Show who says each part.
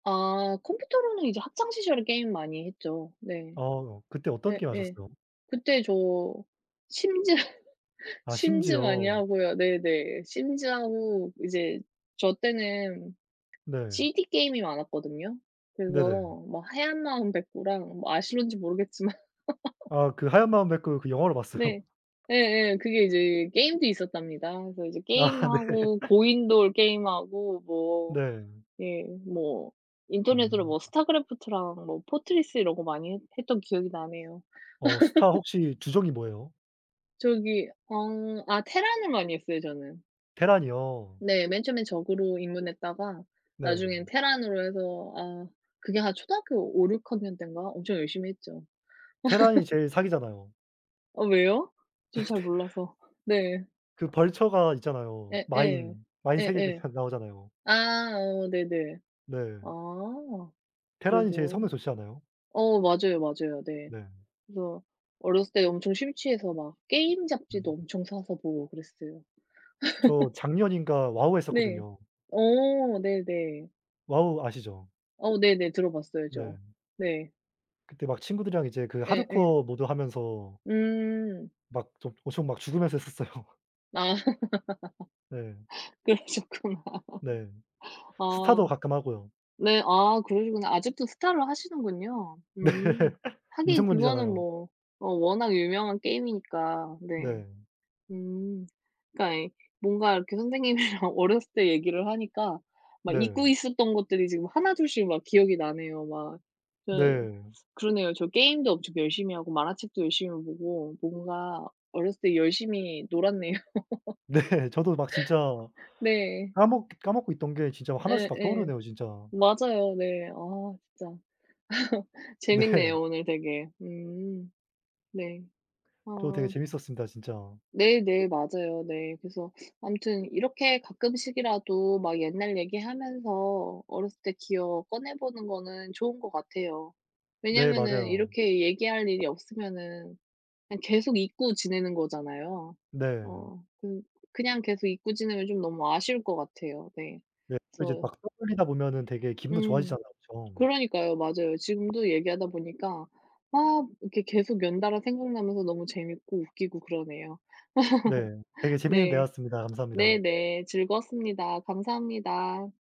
Speaker 1: 아 컴퓨터로는 이제 학창 시절에 게임 많이 했죠. 네.
Speaker 2: 어 그때 어떤 게임
Speaker 1: 네네.
Speaker 2: 하셨어요?
Speaker 1: 그때 저 심즈,
Speaker 2: 아
Speaker 1: 심즈 많이
Speaker 2: 심즈요.
Speaker 1: 하고요. 네네. 심즈하고 이제 저 때는
Speaker 2: 네.
Speaker 1: CD게임이 많았거든요. 그래서
Speaker 2: 네네.
Speaker 1: 뭐 하얀 마음 백구랑 뭐 아실는지 모르겠지만.
Speaker 2: 아 그 하얀 마음 백구, 그 영화로
Speaker 1: 네
Speaker 2: 봤어요.
Speaker 1: 예예. 그게 이제 게임도 있었답니다. 그래서 이제
Speaker 2: 아 네.
Speaker 1: 게임하고 고인돌 게임하고 뭐
Speaker 2: 네.
Speaker 1: 예 뭐 인터넷으로
Speaker 2: 음.
Speaker 1: 뭐 스타크래프트랑 뭐 포트리스 이런 거 많이 했 했던 기억이 나네요.
Speaker 2: 어 스타 혹시 주종이 뭐예요?
Speaker 1: 저기 어 아 테란을 많이 했어요, 저는.
Speaker 2: 테란이요?
Speaker 1: 네. 맨 처음엔 저그로 입문했다가
Speaker 2: 네.
Speaker 1: 나중엔 테란으로 해서 아 그게 한 초등학교 5-6 학년 땐가 엄청 열심히 했죠.
Speaker 2: 테란이 제일 사기잖아요.
Speaker 1: 어 왜요? 저 잘
Speaker 2: 네네.
Speaker 1: 몰라서. 네.
Speaker 2: 그 벌처가 있잖아요.
Speaker 1: 예예.
Speaker 2: 마인. 마인 3 개
Speaker 1: 예예.
Speaker 2: 다 나오잖아요.
Speaker 1: 아 어 네네.
Speaker 2: 네.
Speaker 1: 아.
Speaker 2: 테란이 제일
Speaker 1: 그래서.
Speaker 2: 성능 좋지 않아요?
Speaker 1: 어 맞아요, 맞아요. 네.
Speaker 2: 네.
Speaker 1: 그래서 어렸을 때 엄청 심취해서 막 게임 잡지도
Speaker 2: 음.
Speaker 1: 엄청 사서 보고 그랬어요.
Speaker 2: 저 작년인가? 와우
Speaker 1: 네.
Speaker 2: 했었거든요.
Speaker 1: 어 네네.
Speaker 2: 와우 아시죠?
Speaker 1: 어 네네. 들어 봤어요, 저.
Speaker 2: 네.
Speaker 1: 네.
Speaker 2: 그때 막 친구들이랑 이제 그
Speaker 1: 예예.
Speaker 2: 하드코어 모드 하면서
Speaker 1: 음.
Speaker 2: 막 좀 엄청 막 죽으면서 했었어요.
Speaker 1: 아.
Speaker 2: 네.
Speaker 1: 그러셨구나.
Speaker 2: 네. 스타도
Speaker 1: 아
Speaker 2: 가끔 하고요.
Speaker 1: 네. 아 그러시구나. 아직도 스타를 하시는군요.
Speaker 2: 네.
Speaker 1: 음. 하긴
Speaker 2: 인생
Speaker 1: 그거는
Speaker 2: 놀이잖아요.
Speaker 1: 뭐 어 워낙 유명한 게임이니까. 네.
Speaker 2: 네.
Speaker 1: 음. 그러니까 네 뭔가 이렇게 선생님이랑 어렸을 때 얘기를 하니까 막 잊고
Speaker 2: 네.
Speaker 1: 있었던 것들이 지금 하나, 둘씩 막 기억이 나네요, 막. 그
Speaker 2: 네.
Speaker 1: 그러네요. 저 게임도 엄청 열심히 하고 만화책도 열심히 보고 뭔가 어렸을 때 열심히 놀았네요.
Speaker 2: 네. 저도 막 진짜
Speaker 1: 네.
Speaker 2: 까먹 까먹고 있던 게 진짜 하나씩 막
Speaker 1: 네네.
Speaker 2: 떠오르네요, 진짜.
Speaker 1: 맞아요 네. 아 진짜.
Speaker 2: 네.
Speaker 1: 재밌네요, 오늘 되게. 음. 네.
Speaker 2: 저 되게
Speaker 1: 아.
Speaker 2: 재밌었습니다, 진짜.
Speaker 1: 네네. 맞아요. 네. 그래서 아무튼 이렇게 가끔씩이라도 막 옛날 얘기하면서 어렸을 때 기억 꺼내 보는 거는 좋은 것 같아요.
Speaker 2: 네.
Speaker 1: 왜냐면은
Speaker 2: 맞아요.
Speaker 1: 이렇게 얘기할 일이 없으면은 그냥 계속 잊고 지내는 거잖아요.
Speaker 2: 네.
Speaker 1: 어 그 그냥 계속 잊고 지내면 좀 너무 아쉬울 것 같아요. 네.
Speaker 2: 네. 또 이제
Speaker 1: 그래서
Speaker 2: 막 떠올리다 보면은 되게 기분도
Speaker 1: 음
Speaker 2: 좋아지잖아요, 그쵸.
Speaker 1: 그러니까요. 맞아요. 지금도 얘기하다 보니까 막 이렇게 계속 연달아 생각나면서 너무 재밌고 웃기고 그러네요.
Speaker 2: 네. 되게 재밌는
Speaker 1: 네.
Speaker 2: 대화였습니다. 감사합니다.
Speaker 1: 네네. 즐거웠습니다. 감사합니다.